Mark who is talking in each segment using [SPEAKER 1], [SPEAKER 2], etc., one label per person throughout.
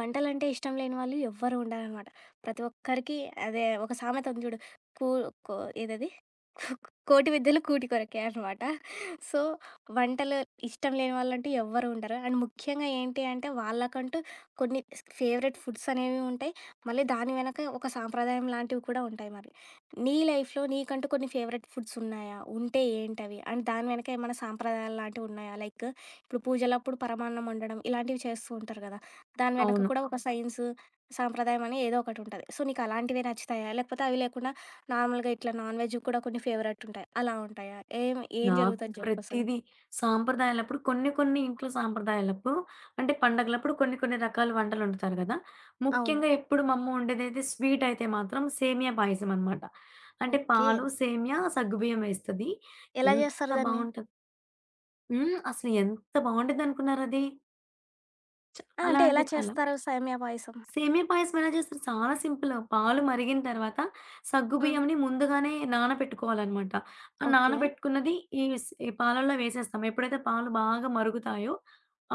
[SPEAKER 1] వంటలంటే ఇష్టం లేని వాళ్ళు ఎవ్వరూ ఉండరనమాట. ప్రతి ఒక్కరికి అదే ఒక సామెత ఉంది జూడు. కూ కో ఏదది. కూ 'కోటి విద్యలు కూటి కొరకే అనమాట.' సో, వంటలు ఇష్టం లేని వాళ్ళంటూ ఎవ్వరు ఉండరు. అండ్ ముఖ్యంగా ఏంటి అంటే వాళ్ళకంటూ కొన్ని స్క్ ఫేవరెట్ ఫుడ్స్ అనేవి ఉంటాయి. మళ్ళీ దాని వెనక ఒక సాంప్రదాయం లాంటివి కూడా ఉంటాయి మరి. నీ లైఫ్‌లో నీకంటూ కొన్ని ఫేవరెట్ ఫుడ్స్ ఉన్నాయా? ఉంటే ఏంటవి? అండ్ దాని వెనక ఏమన్నా సాంప్రదాయాలు లాంటివున్నాయా? లైక్, ఇప్పుడు పూజలప్పుడు పరమాన్నం ఒండడం ఇలాంటివి చేస్తూ ఉంటారు గదా! దాని వెనక
[SPEAKER 2] అవును.
[SPEAKER 1] కూడా ఒక సైన్స్ సాంప్రదాయం అనే ఏదో ఒకటి ఉంటది. సో నీకలాంటివే నచ్చుతాయా? లేకపోతే అవి లేకుండా నార్మల్‌గా ఇట్లా నాన్‌వెజ్‌వి కూడా కొన్ని ఫేవరెట్ ఉంటాయి. అలా ఉంటాయా? ఏం, ఏం
[SPEAKER 2] నాకు
[SPEAKER 1] జరుగుతది జెప్పసల?
[SPEAKER 2] ప్రతీదీ, సాంప్రదాయాలప్పుడు కొన్ని కొన్ని ఇంట్లో సాంప్రదాయాలప్పుడు, అంటే పండుగలప్పుడు కొన్ని కొన్ని రకాల వంటలొండుతారు గదా!
[SPEAKER 1] అవును.
[SPEAKER 2] ముఖ్యంగా ఎప్పుడు మా అమ్మొండేదైతే స్వీట్ అయితే మాత్రం సేమ్య పాయసం అనమాట. అంటే
[SPEAKER 1] ఓకే.
[SPEAKER 2] పాలు, సేమ్యా, సగ్గు బియ్యమేస్తది.
[SPEAKER 1] ఎలా
[SPEAKER 2] ఎంత
[SPEAKER 1] జేస్తారు దాన్ని?
[SPEAKER 2] బావుంటది. హ్మ్. అసలు ఎంత బావుండిద్డనుకున్నారది?
[SPEAKER 1] ఆ!
[SPEAKER 2] చాలా
[SPEAKER 1] అంటే ఎలా
[SPEAKER 2] అంటె చాలా.
[SPEAKER 1] చేస్తారు సేమ్యా పాయసం?
[SPEAKER 2] సేమియా పాయసం ఎలా జేస్తారు చాలా సింపులు. పాలు మరిగిన తర్వాత సగ్గు
[SPEAKER 1] హ్మ్.
[SPEAKER 2] బియ్యంని ముందుగానే నానపెట్టుకోవాలనమాట. ఆ
[SPEAKER 1] ఓకే.
[SPEAKER 2] నానబెట్టుకున్నది ఈవిస్ ఈ పాలల్లొ వేసేస్తాం. ఎప్పుడైతే పాలు బాగా మరుగుతాయో,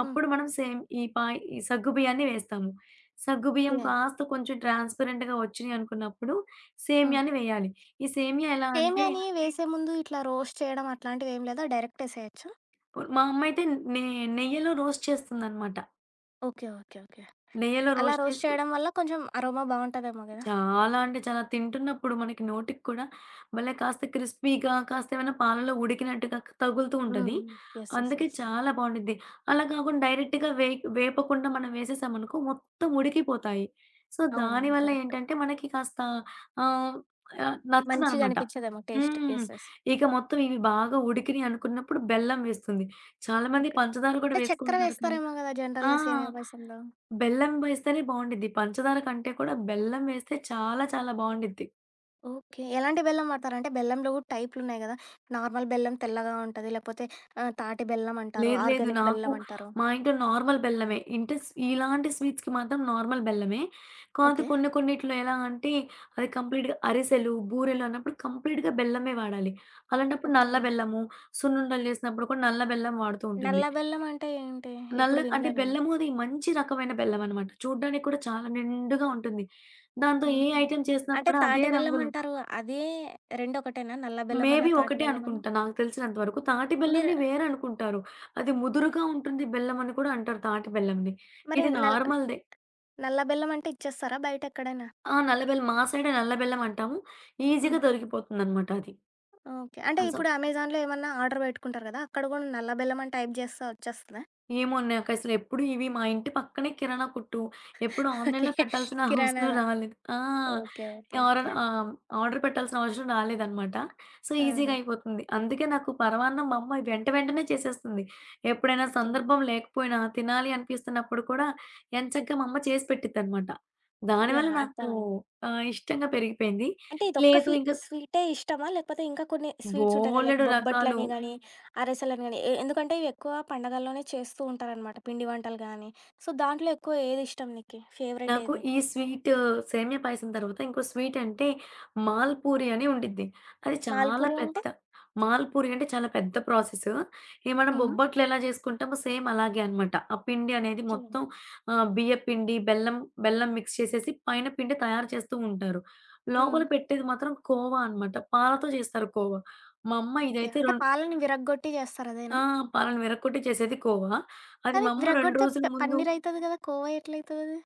[SPEAKER 1] హ్మ్.
[SPEAKER 2] అప్పుడు మనం సేమ్ ఈ పాయ్ ఈ సగ్గు బియ్యాన్ని వేస్తాము. సగ్గు బియ్యం
[SPEAKER 1] ఓకే.
[SPEAKER 2] కాస్త కొంచెం ట్రాన్స్‌పరెంట్‌గా వచ్చినయనుకున్నప్పుడు
[SPEAKER 1] హ్మ్.
[SPEAKER 2] సేమ్యాని వేయాలి. ఈ సేమ్యా ఎలా అంటే
[SPEAKER 1] సేమ్యాని వేసే ముందు ఇట్లా రోస్ట్ చేయడం అట్లాంటివేమి లేదా? డైరెక్ట్ ఏసేయొచ్చా?
[SPEAKER 2] ఓల్ మా అమ్మయితే నే నెయ్యలో రోస్ట్ చేస్తుందనమాట.
[SPEAKER 1] ఓకే. ఓకే. ఓకే.
[SPEAKER 2] నెయ్యలో
[SPEAKER 1] అలా
[SPEAKER 2] రోస్ట్
[SPEAKER 1] రోస్ట్
[SPEAKER 2] చేసి
[SPEAKER 1] చేయడం వల్ల కొంచెం అరోమా బావుంటదేమో గదా!
[SPEAKER 2] చాలా అంటే చాలా, తింటున్నప్పుడు మనకి నోటికి కూడా భలే కాస్త క్రిస్పీగా కాస్త ఏమైనా పాలల్లో ఉడికినట్టుగా తగులుతూ ఉంటది.
[SPEAKER 1] హ్మ్. యెస్. యెస్.
[SPEAKER 2] అందుకే
[SPEAKER 1] యెస్.
[SPEAKER 2] చాలా బావుండిద్ది. అలా గాకుండా డైరెక్టుగా వెయికి వేపకుండా మనం వేసేశామనుకో మొత్తం ఉడికిపోతాయి. సో,
[SPEAKER 1] అవునవును.
[SPEAKER 2] దానివల్ల
[SPEAKER 1] కరెక్టు.
[SPEAKER 2] ఏంటంటే మనకి కాస్త ఆహ్, ఆహ్,
[SPEAKER 1] మంచిగా
[SPEAKER 2] నచ్చదనమాట.
[SPEAKER 1] అనిపిచ్చదేమో టేస్ట్.
[SPEAKER 2] హ్మ్.
[SPEAKER 1] యెస్. యెస్.
[SPEAKER 2] ఇక మొత్తం ఇవి బాగా ఉడికినియి అనుకున్నప్పుడు బెల్లం వేస్తుంది. చాలామంది
[SPEAKER 1] ఓకే.
[SPEAKER 2] పంచదార కూడా
[SPEAKER 1] అంటే, చెక్కర
[SPEAKER 2] వేసుకుంటారు కానీ
[SPEAKER 1] వేస్తారేమో గదా!
[SPEAKER 2] ఆ!
[SPEAKER 1] జనరల్‌గా సేమియా పాయసంలో?
[SPEAKER 2] బెల్లం వేస్తేనే బావుండిద్ది. పంచదార కంటే కూడా బెల్లం వేస్తే చాలా చాలా బావుండిద్ది.
[SPEAKER 1] ఓకే. ఎలాంటి బెల్లం వాడతారంటే బెల్లంలో గూడా టైపులు ఉన్నాయి గదా! నార్మల్ బెల్లం తెల్లగా ఉంటది. లేపోతే, ఆ! తాటి బెల్లమంటారు,
[SPEAKER 2] లేదు, లేదు.
[SPEAKER 1] ఆర్గానిక్
[SPEAKER 2] నాకు
[SPEAKER 1] బెల్లమంటారు.
[SPEAKER 2] మా ఇంట్లో నార్మల్ బెల్లమే. ఇంటే స్ ఇలాంటి స్వీట్స్‌కి మాత్రం నార్మల్ బెల్లమే. కాతే,
[SPEAKER 1] ఓకే.
[SPEAKER 2] కొన్ని కొన్నిటిలో ఎలా అంటే అది కంప్లీట్‌గా అరిసెలు, బూరెలన్నప్పుడు, కంప్లీట్‌గా బెల్లమే వాడాలి. అలాంటప్పుడు
[SPEAKER 1] ఓకే.
[SPEAKER 2] నల్ల బెల్లము, సున్నుండలు చేసినప్పుడు కూడా నల్ల బెల్లం వాడుతూ ఉంటుంది.
[SPEAKER 1] నల్ల బెల్లమంటే ఏంటి?
[SPEAKER 2] నల్ల
[SPEAKER 1] ఎప్పుడు
[SPEAKER 2] అంటే,
[SPEAKER 1] వినలే నేను.
[SPEAKER 2] బెల్లము అది మంచి రకమైన బెల్లమనమాట. చూడ్డానికి కూడా చాలా నిండుగా ఉంటుంది. దాంతో ఏ
[SPEAKER 1] హుహు.
[SPEAKER 2] ఐటెమ్ చేసినా
[SPEAKER 1] అంటే,
[SPEAKER 2] కూడా అదే
[SPEAKER 1] తాటి
[SPEAKER 2] రంగులో
[SPEAKER 1] బెల్లమంటారు అదీ రెండొకటేనా నల్ల
[SPEAKER 2] మేబీ
[SPEAKER 1] బెల్లమన్నా, తాటి
[SPEAKER 2] ఒకటే
[SPEAKER 1] బెల్లమన్నా?
[SPEAKER 2] అనుకుంటా నాకు తెలిసినంత వరకు. తాటి బెల్లంని
[SPEAKER 1] మీరు
[SPEAKER 2] వేరనుకుంటారు. అది ముదురుగా ఉంటుంది బెల్లమని కూడా అంటారు తాటి బెల్లంని.
[SPEAKER 1] మరి
[SPEAKER 2] ఇది
[SPEAKER 1] నల్
[SPEAKER 2] నార్మల్‌దే.
[SPEAKER 1] నల్ల బెల్లమంటే ఇచ్చేస్తారా బయటెక్కడైనా?
[SPEAKER 2] ఆ! నల్ల బెల్లం. మా సైడే నల్ల బెల్లమంటాము. ఈజీగా
[SPEAKER 1] ఆహా!
[SPEAKER 2] దొరికిపోతుందనమాట అది.
[SPEAKER 1] ఓకే. అంటే,
[SPEAKER 2] ఆ! సో
[SPEAKER 1] ఇప్పుడు అమెజాన్‌లో ఏమన్నా ఆర్డర్ పెట్టుకుంటారు గదా! అక్కడ గూడా నల్ల బెల్లమని టైప్ జేస్తే వచ్చేస్తదా?
[SPEAKER 2] ఏమో నాకసలు ఎప్పుడు ఇవి మా ఇంటి పక్కనే కిరాణా కొట్టూ, ఎప్పుడు
[SPEAKER 1] ఓకే.
[SPEAKER 2] ఆన్‌లైన్‌లో పెట్టాల్సిన అవసరం
[SPEAKER 1] కిరాణార
[SPEAKER 2] రాలేదు. ఆ!
[SPEAKER 1] ఓకే. ఓకే. ఓకే.
[SPEAKER 2] ఎవరన్నా ఆహ్, హ్మ్. ఆర్డర్ పెట్టాల్సిన అవసరం రాలేదనమాట. సో, ఈజీగా
[SPEAKER 1] ఆహా!
[SPEAKER 2] అయిపోతుంది. అందుకే నాకు పరవాన్నం మా అమ్మ అది వెంట వెంటనే చేసేస్తుంది. ఎప్పుడైనా
[SPEAKER 1] ఓకే.
[SPEAKER 2] సందర్భం లేకపోయినా తినాలి అనిపిస్తున్నప్పుడు కూడా ఎంచగ్గా, మా అమ్మ చేసి పెట్టిద్దనమాట. దానివల్ల
[SPEAKER 1] యాహ్!
[SPEAKER 2] నాకు
[SPEAKER 1] అర్థమైంది.
[SPEAKER 2] ఆహ్, ఇష్టంగా పెరిగిపోయింది.
[SPEAKER 1] అంటే, ఇదొక్క
[SPEAKER 2] లేదు
[SPEAKER 1] ఫీ
[SPEAKER 2] ఇంక
[SPEAKER 1] స్వీటే ఇష్టమా? లేపోతే ఇంకా కొన్ని స్వీట్సుంటాయి కదా! లైక్
[SPEAKER 2] బోలెడు రకాలు.
[SPEAKER 1] బొబ్బట్లని గానీ, అరసెలని గాని, ఎ ఎందుకంటే ఇవి ఎక్కువ పండగల్లోనే చేస్తూ ఉంటారనమాట. పిండి వంటలు గాని, సో, దాంట్లో ఎక్కువ ఏది ఇష్టం నీకి ఫేవరెట్
[SPEAKER 2] నాకు
[SPEAKER 1] ఏది?
[SPEAKER 2] ఈ స్వీటూ సేమ్యా పాయసం తర్వాత ఇంకో స్వీటు అంటే, మాల్ పూరి అని ఉండిద్ది. అది చాలా
[SPEAKER 1] మాల్పూరి
[SPEAKER 2] పెద్ద
[SPEAKER 1] అంటే?
[SPEAKER 2] మాల్పూరి అంటే చాలా పెద్ద ప్రాసెసు. ఇవి మనం
[SPEAKER 1] హుహు.
[SPEAKER 2] బొబ్బట్లు ఎలా జేసుకుంటామో సేమ్ అలాగే అనమాట. ఆ పిండి అనేది
[SPEAKER 1] ఓకే.
[SPEAKER 2] మొత్తం ఆ! బియ్య పిండి, బెల్లం, బెల్లం మిక్స్ చేసేసి పైన పిండి తయారు చేస్తూ ఉంటారు. లోపల
[SPEAKER 1] హ్మ్.
[SPEAKER 2] పెట్టేది మాత్రం కోవా అనమాట. పాలతో జేస్తారు కోవ. మా అమ్మ
[SPEAKER 1] ఓకే.
[SPEAKER 2] ఇదైతే
[SPEAKER 1] అంటే,
[SPEAKER 2] రొం
[SPEAKER 1] పాలని విరగ్గొట్టి చేస్తారు
[SPEAKER 2] ఆ!
[SPEAKER 1] అదేనా?
[SPEAKER 2] పాలని విరక్కొట్టి చేసేది కోవా. అది
[SPEAKER 1] కానీ,
[SPEAKER 2] మా అమ్మ 2
[SPEAKER 1] విరగ్గొడితే
[SPEAKER 2] రోజులు
[SPEAKER 1] ప
[SPEAKER 2] ముందు
[SPEAKER 1] పన్నీరైతది గదా! కోవా ఎట్లయితదది?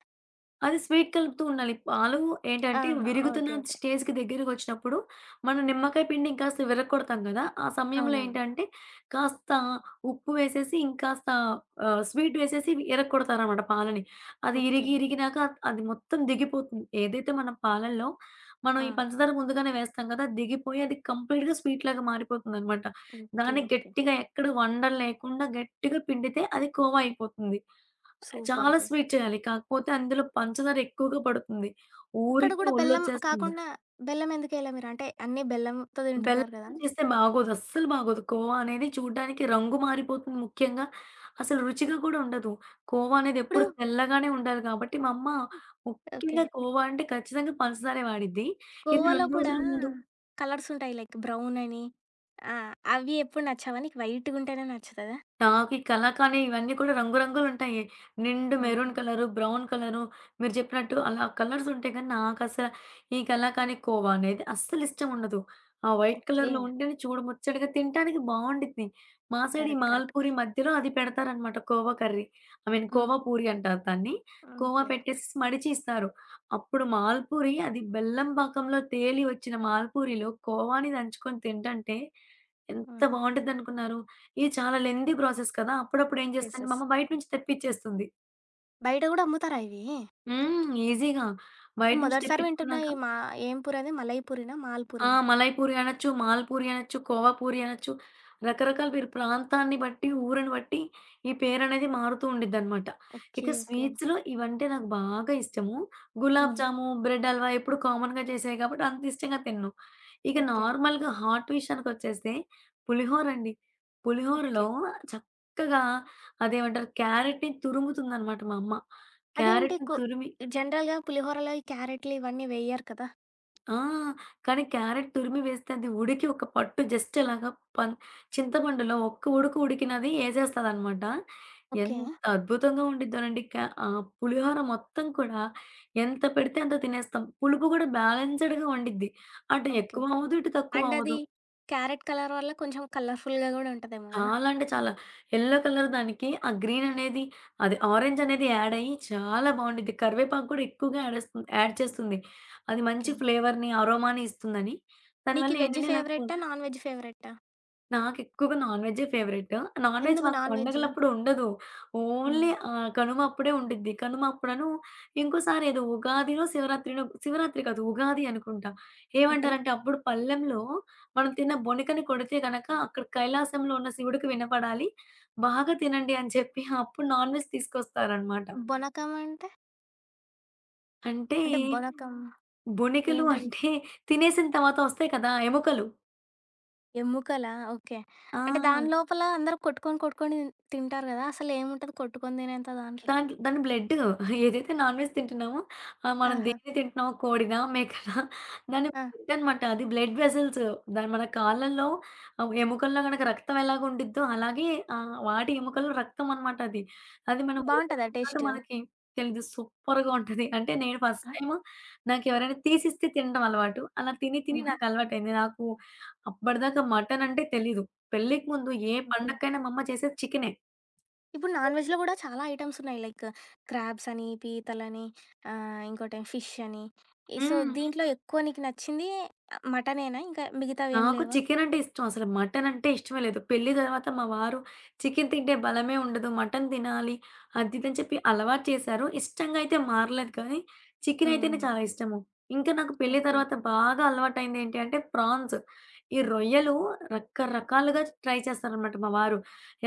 [SPEAKER 2] అది స్వీటు కలుపుతూ ఉండాలి. పాలు ఏంటంటే
[SPEAKER 1] ఆహా!
[SPEAKER 2] విరుగుతున్న
[SPEAKER 1] ఓకే. ఓకే.
[SPEAKER 2] స్టేజికి దగ్గరగొచ్చినప్పుడు మనం నిమ్మకాయ పిండి ఇంకాస్త విరక్కొడతాం కదా! ఆ సమయంలో
[SPEAKER 1] అవునవును.
[SPEAKER 2] ఏంటంటే, కాస్త ఉప్పు వేసేసి ఇంకాస్త ఆహ్, స్వీటు వేసేసి ఇరక్కొడతారనమాట పాలని. అది ఇరిగి,
[SPEAKER 1] ఓకే.
[SPEAKER 2] ఇరిగినాక అది మొత్తం దిగిపోతుంది. ఏదైతే మనం పాలల్లో మనం ఈ
[SPEAKER 1] ఆ!
[SPEAKER 2] పంచదార ముందుగానే వేస్తాం గదా! దిగిపోయి అది కంప్లీట్‌గా స్వీటులాగా మారిపోతుందనమాట.
[SPEAKER 1] ఓకే.
[SPEAKER 2] దాన్ని
[SPEAKER 1] ఓకే.
[SPEAKER 2] గట్టిగా ఎక్కడ వండలు లేకుండా గట్టిగా పిండితే, అది కోవా అయిపోతుంది. అది చాలా
[SPEAKER 1] సూపరసలు.
[SPEAKER 2] స్వీటు చేయాలి. కాకపోతే అందులో పంచదార ఎక్కువగా పడుతుంది.
[SPEAKER 1] ఇక్కడ
[SPEAKER 2] ఊరికే
[SPEAKER 1] కూడా బెల్లం
[SPEAKER 2] ఒళ్ళొచ్చేస్తంది.
[SPEAKER 1] కాకుండా బెల్లం ఎందుకేయలే మీరు? అంటే, అన్నీ బెల్లంతో తింటున్నారు గదా!
[SPEAKER 2] బెల్లంతో చేస్తే బాగోదు. అస్సలు బాగోదు. కోవా అనేది చూడ్డానికి రంగు మారిపోతుంది ముఖ్యంగా. అసలు రుచిగా కూడా ఉండదు. కోవా అనేది ఎప్పుడూ
[SPEAKER 1] ఇప్పుడు
[SPEAKER 2] తెల్లగానే ఉండాలి గాబట్టి, మా అమ్మ
[SPEAKER 1] ఓకే.
[SPEAKER 2] ముఖ్యంగా కోవా అంటే ఖచ్చితంగా పంచదారే వాడిద్ది. ఇది
[SPEAKER 1] కోవాలో
[SPEAKER 2] 2
[SPEAKER 1] కూడా
[SPEAKER 2] రోజుల ముందు
[SPEAKER 1] కలర్సుంటాయి లైక్ బ్రౌన్ అని, ఆహ్, అవి ఎప్పుడు నచ్చావా నీకు, వైటుగుంటేనే నచ్చుతదా?
[SPEAKER 2] నాకు ఈ కలాకానీ ఇవన్నీ కూడా రంగు రంగులుంటాయి. నిండు
[SPEAKER 1] అవును.
[SPEAKER 2] మెరూన్ కలరు, బ్రౌన్ కలరు మీరు జెప్పినట్టు అలా కలర్సుంటయి గానీ, నాకసలా ఈ కలాకానీ కోవా అనేది అస్సలు ఇష్టముండదు. ఆ వైట్
[SPEAKER 1] ఓకే.
[SPEAKER 2] కలర్‌లో ఉంటేనే చూడ ముచ్చటగా తినటానికి బావుండిద్ది. మా సైడ్ ఈ
[SPEAKER 1] కరెక్ట్. కరెక్ట్.
[SPEAKER 2] మాల్పూరి మధ్యలో అది పెడతారనమాట కోవా కర్రీ. ఐ మీన్
[SPEAKER 1] ఆ!
[SPEAKER 2] కోవా పూరి అంటారు దాన్ని. కోవా
[SPEAKER 1] ఓకే.
[SPEAKER 2] పెట్టేసేసి మడిచీ ఇస్తారు. అప్పుడు
[SPEAKER 1] ఆ!
[SPEAKER 2] మాల్పూరి అది బెల్లం పాకంలో తేలి వచ్చిన మాల్పూరిలో కోవాని దంచుకొని తింటంటే ఎంత
[SPEAKER 1] ఆహా!
[SPEAKER 2] బావుండిద్దనుకున్నారు, ఇది చాలా లెంథీ ప్రాసెస్ కదా! అప్పుడప్పుడు ఏం
[SPEAKER 1] యెస్.
[SPEAKER 2] చేస్తుందంటే
[SPEAKER 1] యెస్.
[SPEAKER 2] మా అమ్మ బయట నుంచి తెప్పిచ్చేస్తుంది.
[SPEAKER 1] బయట గూడా అమ్ముతారా ఇవీ?
[SPEAKER 2] హ్మ్. ఈజీగా బయట
[SPEAKER 1] నేను
[SPEAKER 2] నుంచి
[SPEAKER 1] మొదటిసారి వింటున్నా ఈ
[SPEAKER 2] తెప్పిచ్చుకున్నాక
[SPEAKER 1] మా ఏంపూరి అది? మలైపూరినా
[SPEAKER 2] ఆ!
[SPEAKER 1] మాల్పూరినా?
[SPEAKER 2] మలాయపూరి అనొచ్చు, మాల్పూరి అనొచ్చు, కోవాపూరి అనొచ్చు. రకరకాల పేరు ప్రాంతాన్ని బట్టి, ఊరుని బట్టి ఈ పేరనేది మారుతూ ఉండిద్దనమాట.
[SPEAKER 1] ఓకే.
[SPEAKER 2] ఇక
[SPEAKER 1] ఓకే.
[SPEAKER 2] స్వీట్స్‌లో ఇవంటే నాకు బాగా ఇష్టము.
[SPEAKER 1] హ్మ్.
[SPEAKER 2] గులాబ్‌జాము, బ్రెడ్ హల్వా ఎప్పుడు కామన్‌గా జేసేయి కాబట్టి అంత ఇష్టంగా తిను. ఇక
[SPEAKER 1] ఓకే.
[SPEAKER 2] నార్మల్‌గా హాట్ విషయానికొచ్చేస్తే పులిహోరండి. పులిహూరలో
[SPEAKER 1] ఓకే.
[SPEAKER 2] చక్కగా అదేమంటారు క్యారెట్‌ని తురుముతుందనమాట మా అమ్మ.
[SPEAKER 1] అదేంటి
[SPEAKER 2] క్యారెట్
[SPEAKER 1] కు
[SPEAKER 2] తురిమి
[SPEAKER 1] జనరల్‌గా పులిహోరలో ఈ క్యారెట్లు ఇవన్నీ వేయ్యరు కదా!
[SPEAKER 2] ఆ! కానీ క్యారెక్ట్ తురిమి వేస్తే అది ఉడికి ఒక పట్టు జస్ట్ అలాగా పన్ చింతమండులో ఒక్క ఉడుకు ఉడికినది యెసేస్తదనమాట.
[SPEAKER 1] ఓకే.
[SPEAKER 2] ఎంత అద్భుతంగా ఉండిద్దోనండి క ఆహ్, పులిహోర మొత్తం కూడా, ఎంత పెడితే అంత తినేస్తాం. పులుపు గూడా బాలెన్స్డ్‌గా ఉండిద్ది. అంటే
[SPEAKER 1] ఓకే.
[SPEAKER 2] ఎక్కువ అవ్వదు. ఇటు తక్కువ
[SPEAKER 1] అండ్ అది.
[SPEAKER 2] అవ్వదు.
[SPEAKER 1] క్యారెట్ కలర్ వల్ల కొంచెం కలర్ఫుల్‌గా గూడా ఉంటదేమో గదా!
[SPEAKER 2] చాలా అంటే చాలా. యెల్లో కలర్ దానికి ఆ గ్రీననేది అది ఆరెంజనేది యాడయ్యి చాలా బావుండిద్ది. కరివేపాకు గూడా ఎక్కువగా యాడేస్తు యాడ్ చేస్తుంది. అది మంచి
[SPEAKER 1] ఓకే.
[SPEAKER 2] ఫ్లేవర్‌ని, అరోమాని ఇస్తుందని. దానివల్ల
[SPEAKER 1] నీకీ వెజ్
[SPEAKER 2] ఏంటంటే నాకు
[SPEAKER 1] ఫేవరెట్టా? Non veg ఫేవరెట్టా?
[SPEAKER 2] నాకెక్కువగా నాన్‌వెజ్జే ఫేవరెట్. నాన్‌వెజ్
[SPEAKER 1] ఎందుకు
[SPEAKER 2] మాకు
[SPEAKER 1] నాన్‌వెజ్?
[SPEAKER 2] పండుగలప్పుడు ఉండదు.
[SPEAKER 1] హ్మ్.
[SPEAKER 2] ఓన్లీ ఆహ్, కనుమ అప్పుడే ఉండిద్ది. కనుమ అప్పుడను ఇంకోసారి ఏదో ఉగాదినో శివరాత్రినో శివరాత్రి కాదు. ఉగాది అనుకుంటా.
[SPEAKER 1] ఓకే.
[SPEAKER 2] ఏమంటారంటే అప్పుడు పల్లెంలో మనం తిన్న బొనికని కొడితే గనక అక్కడ కైలాసంలో ఉన్న శివుడికి వినపడాలి. బాగా తినండి అని చెప్పి అప్పుడు నాన్‌వెజ్ తీసుకొస్తారనమాట.
[SPEAKER 1] బొనకం అంటే.
[SPEAKER 2] అంటే!
[SPEAKER 1] అంటే బొలకా
[SPEAKER 2] బొనికలు
[SPEAKER 1] ఏంటది?
[SPEAKER 2] అంటే తినేసిన తర్వాత ఒస్తాయి కదా! ఎముకలు.
[SPEAKER 1] ఎమ్ముకలా ఓకే. అంటే
[SPEAKER 2] ఆ!
[SPEAKER 1] దానిలోపల అందరూ కొట్టుకొని కొట్టుకొని తింటారు గదా! అసలు ఏముంటది కొట్టుకొని తినేంత దాంట్లో?
[SPEAKER 2] దాంట్ దాని బ్లడ్డు. ఏదైతే నాన్‌వెజ్ తింటున్నామో ఆహ్, మనం
[SPEAKER 1] ఆహా!
[SPEAKER 2] దేన్ని తింటున్నామో కోడిదా, మేకనా? దాన్ని
[SPEAKER 1] ఆ!
[SPEAKER 2] బ్లడ్డన్నమాట. అది బ్లడ్ వెసల్స్. దా మన కాళ్ళల్లో ఎముకల్లో గనక రక్తం ఎలాగు ఉండిద్దో అలాగే ఆహ్, వాటి ఎముకల్లో రక్తం అనమాట అది. అది మనకి
[SPEAKER 1] బావుంటదా
[SPEAKER 2] ఉడకబెట్టే దాకా
[SPEAKER 1] టేస్టు?
[SPEAKER 2] మనకి తెలీదు. సూపర్‌గా ఉంటది. అంటే నేను ఫస్ట్
[SPEAKER 1] ఆ!
[SPEAKER 2] టైము నాకెవరైనా తీసిస్తే తినడం అలవాటు. అలా తిని తిని
[SPEAKER 1] హుహు.
[SPEAKER 2] నాకు అలవాటైంది. నాకు అప్పడదాకా మటనంటే తెలీదు. పెళ్ళికి ముందు ఏ
[SPEAKER 1] ఓకే.
[SPEAKER 2] పండకైనా మా అమ్మ చేసేది చికెనే.
[SPEAKER 1] ఇప్పుడు
[SPEAKER 2] చేయదు.
[SPEAKER 1] నాన్‌వెజ్‌లో గూడా చాలా ఐటమ్స్ ఉన్నాయి. లైక్ క్రాబ్స్ అని, పీతలని ఆహ్, ఇంకోటి ఫిష్షని, ఈ సో,
[SPEAKER 2] హ్మ్.
[SPEAKER 1] దీంట్లో ఎక్కువ నీకు నచ్చింది ఆహ్, మటనేనా? ఇంకా మిగతావేం
[SPEAKER 2] నాకు
[SPEAKER 1] లేవా?
[SPEAKER 2] చికెనంటే ఇష్టం అసలు మటనంటే ఇష్టమే లేదు. పెళ్లి తర్వాత మా వారు చికెను తింటే బలమే ఉండదు. మటను తినాలి అది ఇది అని చెప్పి అలవాటు చేశారు. ఇష్టంగా అయితే మారలేదు కానీ, చికెనైతేనే
[SPEAKER 1] హ్మ్.
[SPEAKER 2] చాలా ఇష్టము. ఇంకా నాకు పెళ్లి
[SPEAKER 1] ఓకే.
[SPEAKER 2] తర్వాత బాగా అలవాటైంది ఏంటి అంటే ప్రాన్స్. ఈ రొయ్యలు రకరకాలుగా ట్రై చేస్తారనమాట మా వారు.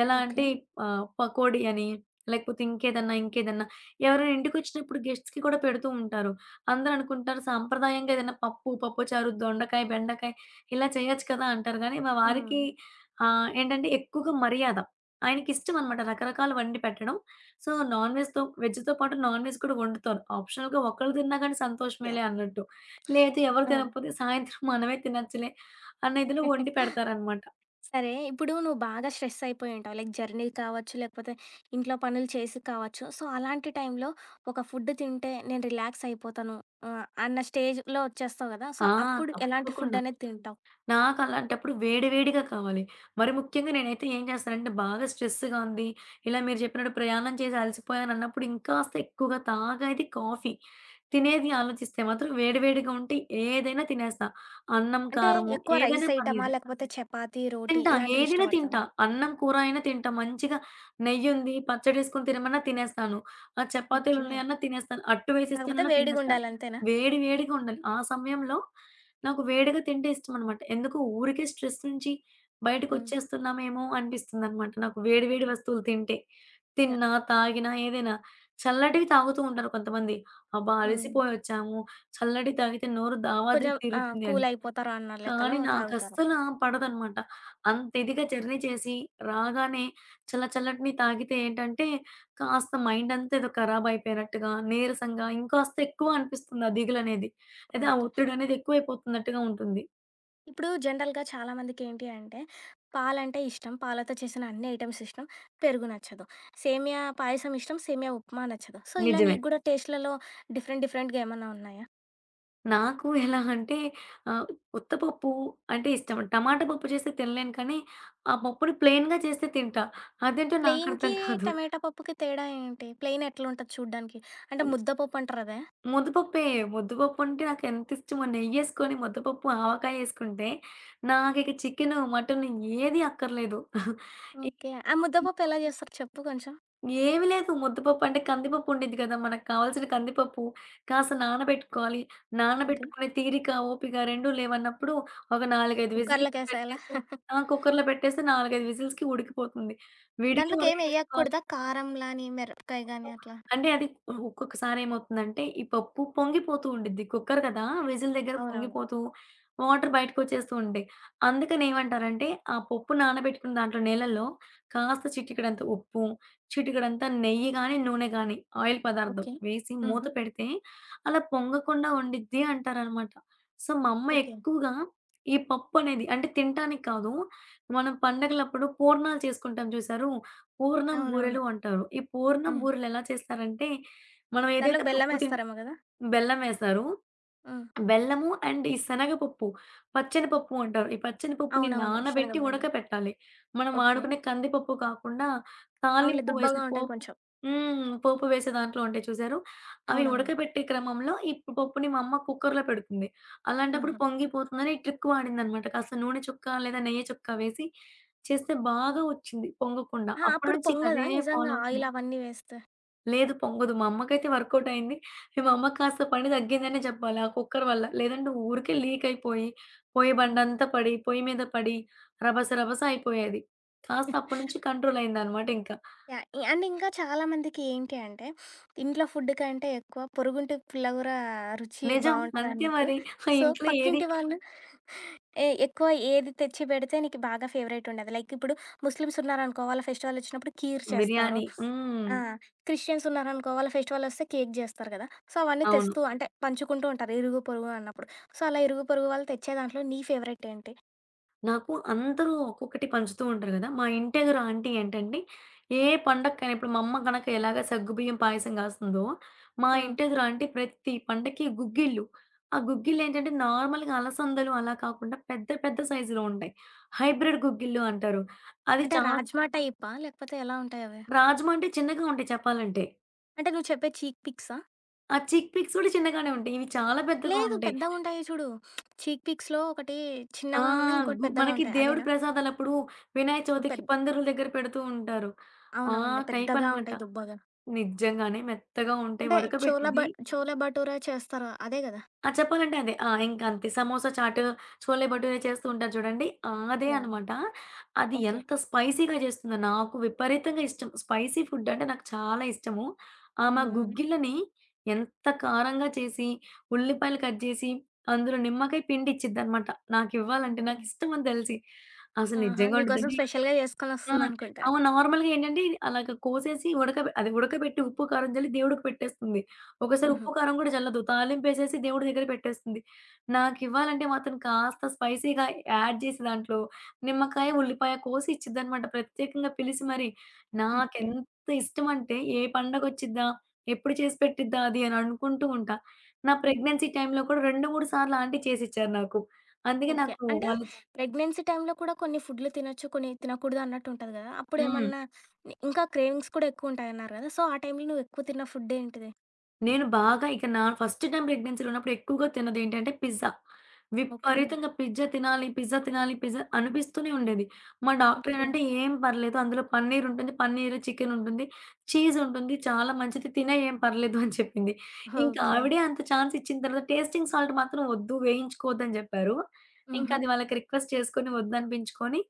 [SPEAKER 2] ఎలా
[SPEAKER 1] ఓకే.
[SPEAKER 2] అంటే ఆహ్, పకోడీ అని లేకపోతే ఇంకేదన్నా ఇంకేదన్నా ఎవరైనా ఇంటికొచ్చినప్పుడు గెస్ట్స్‌కి కూడా పెడుతూ ఉంటారు. అందరూ అనుకుంటారు సాంప్రదాయంగా ఏదైనా పప్పు, పప్పుచారు, దొండకాయ, బెండకాయ ఇలా చేయొచ్చు కదా! అంటారు. గానీ, మా వారికి
[SPEAKER 1] ఆ!
[SPEAKER 2] ఆహ్, ఏంటంటే ఎక్కువగా మర్యాద. ఆయనకి ఇష్టం అనమాట. రకరకాల వండి పెట్టడం. సో, నాన్‌వెజ్‌తో వెజ్‌తో పాటు నాన్‌వెజ్ కూడా వండుతారు. ఆప్షనల్‌గా ఒక్కళ్ళు తిన్నా గానీ,
[SPEAKER 1] యాహ్!
[SPEAKER 2] సంతోషమేలే అన్నట్టు. లేదు ఎవరు
[SPEAKER 1] ఆ!
[SPEAKER 2] తినకపోతే సాయంత్రం మనమే తినొచ్చులే అన్నఇదిలో వండి పెడతారనమాట.
[SPEAKER 1] సరే. ఇప్పుడు నువ్వు బాగా స్ట్రెస్సయిపోయి ఉంటావు. లైక్ జర్నీ కావచ్చు, లేకపోతే ఇంట్లో పనులు చేసి కావచ్చు. సో, అలాంటి టైం‌లో ఒక ఫుడ్ తింటే నేను రిలాక్స్ అయిపోతాను. ఆహ్, అన్న స్టేజ్‌లో ఒచ్చేస్తావు గదా! సో,
[SPEAKER 2] ఆ!
[SPEAKER 1] అప్పుడు ఎలాంటి ఫుడ్
[SPEAKER 2] తప్పకుండా.
[SPEAKER 1] అనేది తింటావు?
[SPEAKER 2] నాకు అలాంటప్పుడు వేడి వేడిగా కావాలి. మరి ముఖ్యంగా నేనైతే ఏం చేస్తానంటే బాగా స్ట్రెస్‌గా ఉంది. ఇలా మీరు జెప్పినట్టు ప్రయాణం చేసి అలసిపోయాని అన్నప్పుడు ఇంకాస్త ఎక్కువగా తాగేది కాఫీ. తినేది ఆలోచిస్తే మాత్రం వేడి వేడిగా ఉంటే ఏదైనా తినేస్తా. అన్నం
[SPEAKER 1] అంటే
[SPEAKER 2] కారము
[SPEAKER 1] ఎక్కువ రైస్
[SPEAKER 2] ఏదైనా
[SPEAKER 1] ఐటమా?
[SPEAKER 2] పర్లేదు.
[SPEAKER 1] లేకపోతే చపాతీ, రోటి
[SPEAKER 2] తింటా
[SPEAKER 1] ఇలాంటివి
[SPEAKER 2] ఏదైనా
[SPEAKER 1] ఇష్టపడతవా?
[SPEAKER 2] తింటా అన్నం కూర అయినా తింటా. మంచిగా నెయ్యుంది, పచ్చడెసుకొని తినమన్నా తినేస్తాను. ఆ చపాతీలు
[SPEAKER 1] ఓకే.
[SPEAKER 2] ఉన్నాయన్నా తినేస్తాను. అట్టు
[SPEAKER 1] కాకపోతే
[SPEAKER 2] వేసేస్తానన్నా తినేస్తా.
[SPEAKER 1] వేడిగుండాలి అంతేనా?
[SPEAKER 2] వేడి వేడిగా ఉండాలి. ఆ సమయంలో నాకు వేడిగా తింటే ఇష్టంనమాట. ఎందుకు ఊరికే స్ట్రెస్ నుంచి
[SPEAKER 1] హ్మ్.
[SPEAKER 2] బయటకొచ్చేస్తున్నామేమో! అనిపిస్తుందనమాట. నాకు వేడి వేడి
[SPEAKER 1] ఓకే.
[SPEAKER 2] వస్తువులు తింటే
[SPEAKER 1] యాహ్!
[SPEAKER 2] తిన్నా, తాగినా ఏదైనా చల్లటివి తాగుతూ ఉంటారు కొంతమంది. అబ్బా!
[SPEAKER 1] హ్మ్.
[SPEAKER 2] అలసిపోయొచ్చాము, చల్లటి తాగితే నోరు దావాద్రి
[SPEAKER 1] కొంచెం ఆ!
[SPEAKER 2] తీరుతుంది అని.
[SPEAKER 1] కూలయిపోతారన్నా లెక్కలో
[SPEAKER 2] కానీ నాకు
[SPEAKER 1] తాగుతారు.
[SPEAKER 2] అస్సలు పడదనమాట. అంత ఇదిగా జర్నీ చేసి రాగానే చల్ల చల్లటిని తాగితే ఏంటంటే కాస్త మైండంతా ఏదో ఖరాబయిపోయినట్టుగా, నీరసంగా ఇంకాస్త ఎక్కువ అనిపిస్తుంది ఆ దిగులనేది. లేతే ఆ
[SPEAKER 1] ఓకే.
[SPEAKER 2] ఒత్తిడనేది ఎక్కువైపోతున్నట్టుగా ఉంటుంది.
[SPEAKER 1] ఇప్పుడు జనరల్‌గా చాలామందికి ఏంటి అంటే, పాలంటే ఇష్టం, పాలతో చేసిన అన్ని ఐటెమ్స్ ఇష్టం, పెరుగు నచ్చదు. సేమియా పాయసం ఇష్టం, సేమియా ఉప్మా నచ్చదు. సో, ఇలా
[SPEAKER 2] నిజమే.
[SPEAKER 1] నీకు కుడా టేస్ట్‌లలో డిఫరెంట్, డిఫరెంట్‌గా ఏమన్నా ఉన్నాయా?
[SPEAKER 2] నాకు ఎలా అంటే, ఆహ్, ఉత్త పప్పు అంటే, ఇష్టం. టమాటా పప్పు చేస్తే తినలేను కానీ, ఆ పప్పుని ప్లెన్‌గా చేస్తే తింటా. అదేంటో
[SPEAKER 1] ప్లెయిన్‌కి,
[SPEAKER 2] నాకర్థం కాదు.
[SPEAKER 1] టమాటా పప్పుకి తేడా ఏంటి? ప్లెయిన్ ఎట్లుంటది చూడ్డానికి? అంటే,
[SPEAKER 2] అమ్
[SPEAKER 1] ముద్ద పప్పు అంటారాదా?
[SPEAKER 2] ముద్దపప్పే. ముద్దపప్పుంటే నాకేంత ఇష్టమో నెయ్యేసుకొని ముద్దపప్పు ఆవకాయ ఎసుకుంటే, నాకిక చికెను, మటను ఏది అక్కర్లేదు. ఎ
[SPEAKER 1] ఓకే. ఆ
[SPEAKER 2] [unintelligible]
[SPEAKER 1] ముద్దపప్పు ఎలా జేస్తారు చెప్పు కొంచెం?
[SPEAKER 2] ఏమి లేదు ముద్దపప్పుంటే, కందిపప్పు ఉండిద్ది కదా! మనకి కావాల్సిన కందిపప్పు, కాస్త నానబెట్టుకోవాలి,
[SPEAKER 1] ఓకే.
[SPEAKER 2] నానబెట్టుకునే తీరిక, ఓపిక 2 లేవన్నప్పుడు ఒక 4, 5
[SPEAKER 1] కుక్కర్లకు
[SPEAKER 2] విజీల్స్
[SPEAKER 1] ఎసేయాల?
[SPEAKER 2] పెట్టేస్తే ఆ! కుక్కర్‌లో పెట్టేస్తే 4, 5 విజీల్స్‌కి ఉడికిపోతుంది. విడిగా
[SPEAKER 1] దాంట్లోకేం
[SPEAKER 2] ఉడికబెట్టుకోవాలి
[SPEAKER 1] ఎయకూడదా? కారం లాని, మిరపకాయ గాని
[SPEAKER 2] [unintelligible]
[SPEAKER 1] అట్లా?
[SPEAKER 2] అంటే, అది ఒక్కొక్కసారి ఏమవుతుందంటే, ఈ పప్పు పొంగిపోతూ ఉండిద్ది. కుక్కర్ కదా! విజిల్ దగ్గర
[SPEAKER 1] అవునవును.
[SPEAKER 2] పొంగిపోతూ, వాటరు బయటికోచ్చేస్తూ ఉంటయి. అందుకనే ఏమంటారంటే, ఆ పప్పు నానబెట్టుకూన దాంట్లో నీలల్లో కాస్త చిటికేడంత ఉప్పు చిటికేడంతా నెయ్యి గాని, నూనె గాని ఆయిల్ పదార్థం
[SPEAKER 1] ఓకే.
[SPEAKER 2] వేసి, మూత
[SPEAKER 1] ఆహా!
[SPEAKER 2] పెడితే అలా పొంగకుండా ఉండిద్ది అంటారనమాట. సో, మా అమ్మ
[SPEAKER 1] ఓకే.
[SPEAKER 2] ఎక్కువగా ఈ పప్పునేది అంటే తింటానికి కాదు. మనం పడుగలప్పుడు పూర్ణాలు చేసుకుంటాం చూసారు! పూర్ణం
[SPEAKER 1] అవునవును.
[SPEAKER 2] బూరెలు అంటారు. ఈ పూర్ణం
[SPEAKER 1] హ్మ్.
[SPEAKER 2] బూరెలేలా చేస్తారంటే, మనం ఏదైతే
[SPEAKER 1] దాంట్లో‌కి
[SPEAKER 2] పప్పు చేన్
[SPEAKER 1] బెల్లమేస్తారేమో గదా!
[SPEAKER 2] బెల్లం వేస్తారు.
[SPEAKER 1] హ్మ్.
[SPEAKER 2] బెల్లము అండ్ ఈ శనగపప్పు, పచ్చనపప్పు అంటారు. ఈ పచ్చన పప్పుని
[SPEAKER 1] అవునవును.
[SPEAKER 2] నానబెట్టి
[SPEAKER 1] శనగబాల్లు.
[SPEAKER 2] ఉడకపెట్టాలి. మనం
[SPEAKER 1] ఓకే.
[SPEAKER 2] వాడుకునే కందిపప్పు కాకుండా,
[SPEAKER 1] అవునులే,
[SPEAKER 2] తాలింపు వేసే
[SPEAKER 1] దుబ్బగా ఉంటాయి
[SPEAKER 2] పోపు
[SPEAKER 1] కొంచెం.
[SPEAKER 2] హ్మ్. పోపు వేసే దాంట్లో ఉంటాయి చూసారు. అవి
[SPEAKER 1] అవునవును.
[SPEAKER 2] ఉడకబెట్టే క్రమంలో ఈ పప్పుని మా అమ్మ కుక్కర్‌లో పెడుతుంది. అలాంటప్పుడు
[SPEAKER 1] ఆహా!
[SPEAKER 2] పొంగిపోతుందని ఈ ట్రిక్ వాడిందనమాట. కాస్త నూనె చుక్కా, లేదా నెయ్య చుక్క వేసి చేస్తే బాగా ఒచ్చింది పొంగకుండా.
[SPEAKER 1] ఆ! అప్పుడు
[SPEAKER 2] అప్పటినుంచి ఇక
[SPEAKER 1] పొంగదా
[SPEAKER 2] అదే
[SPEAKER 1] నిజంగా
[SPEAKER 2] ఫాలో అవుతుంది.
[SPEAKER 1] ఆయిల్ అవన్నీ వేస్తే?
[SPEAKER 2] లేదు పొంగదు. మా అమ్మకైతే వర్కౌటయింది. ఈ మా అమ్మక్కాస్త పని తగ్గిందనే చెప్పాలి. ఆ కుక్కర్ వల్ల. లేదంటే ఊరికే లీక్ అయిపోయి, పోయ్య
[SPEAKER 1] హ్మ్.
[SPEAKER 2] బండంతా పడి, పొయ్యి మీద పడి, రబస రబస అయిపోయేది. కాస్త అప్పటి నుంచి కంట్రోలైందనమాట ఇంక.
[SPEAKER 1] యాహ్! ఇ అండ్ ఇంకా చాలామందికి ఏంటి అంటే, ఇంట్లో ఫుడు కంటే ఎక్కువ పొరుగుంటి పుల్లగూర ఆ రుచి
[SPEAKER 2] నిజం. అంతే
[SPEAKER 1] బావుంటదన్నట్టు.
[SPEAKER 2] మరి ఆ
[SPEAKER 1] సో,
[SPEAKER 2] ఇంట్లో ఏది
[SPEAKER 1] పక్కింటి వాళ్ళు, ఏ ఎక్కువ ఏది తెచ్చి పెడితే నీకు బాగా ఫేవరైటుండేది. లైకిప్పుడు ముస్లిమ్సున్నరనుకో వాళ్ళ ఫెస్టివలొచ్చినప్పుడు కీర్ చేస్తారు.
[SPEAKER 2] బిర్యానీ. హ్మ్.
[SPEAKER 1] ఆ! క్రిస్టియన్సున్నారనుకో వాళ్ళ ఫెస్టివలొస్తే కేక్ చేస్తారు కదా! సో, అవన్నీ
[SPEAKER 2] అవును.
[SPEAKER 1] తెస్తూ అంటే పంచుకుంటూ ఉంటారు. ఇరుగు పొరుగు అన్నప్పుడు. సో, అలా ఇరుగు పొరుగు వాళ్ళు తెచ్చే దాంట్లో నీ ఫేవరెటేంటి?
[SPEAKER 2] నాకు అందరూ ఒక్కొక్కటి పంచుతూ ఉంటారు కదా. మా ఇంట ఎదురు ఆంటి ఏంటంటే, ఏ పండగకైనా ఇప్పుడు మా అమ్మ గనక ఎలాగ సగ్గుబియ్యం పాయసం కాస్తుందో, మా
[SPEAKER 1] హ్మ్.
[SPEAKER 2] ఇంటెదురా అంటి ప్రతి పండగకి గుగ్గిళ్లు. ఆ గుగ్గిల్లేంటంటే నార్మల్‌గా అలసందలు అలా కాకుండా పెద్ద పెద్ద సైజులో ఉంటాయి. హైబ్రిడ్ గుగ్గిల్లు అంటారు. అది
[SPEAKER 1] అంటే
[SPEAKER 2] చాల
[SPEAKER 1] రాజ్మా టైపా? లేకపోతే ఎలా ఉంటాయవి?
[SPEAKER 2] రాజమండ్రి చిన్నగా ఉంటాయి చెప్పాలంటె.
[SPEAKER 1] అంటే నువ్వు చెప్పేది చీక్ పిక్సా?
[SPEAKER 2] ఆ చిక్ పిక్స్ గూడా చిన్నగానే ఉంటాయి. ఇవి చాలా పెద్దగా
[SPEAKER 1] లేదు
[SPEAKER 2] ఉంటాయి.
[SPEAKER 1] పెద్దగుంటాయి చూడు. చీక్ పిక్స్‌లో ఒకటి
[SPEAKER 2] ఆ!
[SPEAKER 1] చిన్నగా ఉన్నాయి. ఇంకోటి
[SPEAKER 2] గు
[SPEAKER 1] పెద్దగా
[SPEAKER 2] మనకి
[SPEAKER 1] ఉంటాయి.
[SPEAKER 2] దేవుడి
[SPEAKER 1] అవేనా?
[SPEAKER 2] ప్రసాదాలప్పుడు వినాయక చవితికి
[SPEAKER 1] పెద్
[SPEAKER 2] పందిర్ల దగ్గర పెడుతూ ఉంటారు. ఆ
[SPEAKER 1] అవునవునులే. పెద్దగా
[SPEAKER 2] టైపనమాట.
[SPEAKER 1] ఉంటాయి దుబ్బగా.
[SPEAKER 2] నిజ్జంగానే మెత్తగా ఉంటాయి.
[SPEAKER 1] అంటే చోల బ
[SPEAKER 2] ఉడకబెట్టిది
[SPEAKER 1] చోలే బటోరె చేస్తారు అదే గదా!
[SPEAKER 2] ఆ! చెప్పాలంటే అదే. ఆ! ఇంకంతే సమోసా చాట్, చోలే బటోరే చేస్తూ ఉంటారు చూడండి. ఆ! అదే
[SPEAKER 1] యాహ్!
[SPEAKER 2] అనమాట. అది
[SPEAKER 1] ఓకే.
[SPEAKER 2] ఎంత స్పైసీగా జేస్తుందో నాకు విపరీతంగా ఇష్టం. స్పైసీ ఫుడ్డంటే నాకు చాలా ఇష్టము.
[SPEAKER 1] హ్మ్.
[SPEAKER 2] ఆమా
[SPEAKER 1] హ్మ్.
[SPEAKER 2] గుగ్గిల్లని, ఎంత కారంగా చేసి, ఉల్లిపాయలు కట్ జేసి, అందులో నిమ్మకాయ పిండిచ్చిద్దనమాట. నాకివ్వాలంటే
[SPEAKER 1] ఓకే.
[SPEAKER 2] నాకిష్టమని తెలిసి. అసలు
[SPEAKER 1] ఆహా!
[SPEAKER 2] నిజ్జంగా
[SPEAKER 1] నీకోసం
[SPEAKER 2] ఉండదండి
[SPEAKER 1] స్పెషల్‌గా
[SPEAKER 2] ఆ!
[SPEAKER 1] జేసుకొనిస్తుందనుకుంటా.
[SPEAKER 2] అమ నార్మల్‌గా ఏంటంటే, అలాగా కోసేసి ఉడక అదే ఉడకబెట్టి ఉప్పు, కారం జల్లి దేవుడికి పెట్టేస్తుంది. ఒకోసారి ఉప్పు
[SPEAKER 1] హుహు.
[SPEAKER 2] కారం గూడా జల్లదు. తాలింపేసేసి దేవుడి దగ్గర పెట్టేస్తుంది. నాకివ్వాలంటే మాత్రం కాస్త స్పైసీగా యాడ్ చేసి దాంట్లో, నిమ్మకాయ, ఉల్లిపాయ కోసి ఇచ్చిద్దనమాట. ప్రత్యేకంగా పిలిసి మరీ.
[SPEAKER 1] ఓకే.
[SPEAKER 2] నాకెంత ఇష్టం అంటే ఏ పండగొచ్చిద్దా? ఎప్పుడు చేసి పెట్టిద్దా? అది అని అనుకుంటూ ఉంటా. నా ప్రెగ్నెన్సీ టైంలో కూడా 2, 3 సార్లు ఆంటీ చేసిచ్చారు నాకు. అందుకే
[SPEAKER 1] ఓకే.
[SPEAKER 2] నాకు
[SPEAKER 1] అంటే
[SPEAKER 2] వాళ్ళు చ్
[SPEAKER 1] ప్రెగ్నెన్సీ టైమ్‌లో కూడా కొన్ని ఫుడ్లు తినొచ్చు. కొన్ని తినకూడదన్నట్టు ఉంటది కదా! అప్పుడు
[SPEAKER 2] హ్మ్.
[SPEAKER 1] ఏమన్నా ఇంకా క్రేమింగ్స్ కూడా ఎక్కువు ఉంటాయి అన్నారు గదా! సో ఆ టైంలో నువ్వు ఎక్కువ తిన్న ఫుడ్డేంటిది?
[SPEAKER 2] నేను బాగా ఇక నా ఫస్ట్ టైమ్ ప్రెగ్నెన్సీలో ఉన్నప్పుడు ఎక్కువగా తిన్నదేంటంటే పిజ్జా.
[SPEAKER 1] ఓకే.
[SPEAKER 2] విపరీతంగా పిజ్జా తినాలి, పిజ్జా తినాలి పిజ్జా అనిపిస్తూనే ఉండేది. మా
[SPEAKER 1] ఓకే.
[SPEAKER 2] డాక్టరేంటంటే "ఏం పర్లేదు. అందులో పన్నీరుంటుంది పన్నీరు, చికెనుంటుంది. చీజుంటుంది. చాలా మంచిది తినెయి ఏం పర్లేదు" అని చెప్పింది. ఇంకా
[SPEAKER 1] ఓకే.
[SPEAKER 2] ఆవిడే అంత ఛాన్స్ ఇచ్చిన తర్వాత "టేస్టింగ్ సాల్ట్ మాత్రం వద్దు వేయించుకోవద్దు" అని జెప్పారు. ఇంకా
[SPEAKER 1] హుహు.
[SPEAKER 2] అది వాళ్ళకి రిక్వెస్ట్ చేసుకొని వద్దనిపించుకొని,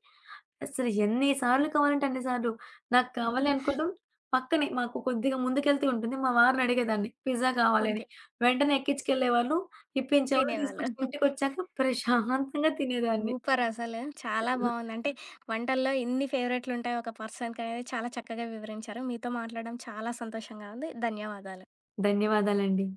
[SPEAKER 2] అసలు ఎన్ని సార్లు కావాలంటే అన్ని సార్లు. నాకు కావాలి అనుకోడం, పక్కనే మాకు కొద్దిగా ముందుకెళ్తే ఉంటుంది. మా వారినడిగేదాన్ని "పిజ్జా కావాలి" అని
[SPEAKER 1] ఓకే.
[SPEAKER 2] వెంటనే ఎక్కిచ్చుకెళ్ళేవాళ్ళు, ఇప్పించేవాళ్ళు.
[SPEAKER 1] తినేవాళ్ళు.
[SPEAKER 2] తీసుకొచ్చి ఇంటికొచ్చాక ప్రశాంతంగా తినేదాన్ని.
[SPEAKER 1] సూపరసలు. చాలా బావుంది. అంటే వంటల్లో ఇన్ని ఫేవరెట్లుంటాయి ఒక పర్సన్‌కనేది చాలా చక్కగా వివరించారు. మీతో మాట్లాడడం చాలా సంతోషంగా ఉంది. ధన్యవాదాలు.
[SPEAKER 2] ధన్యవాదాలండి.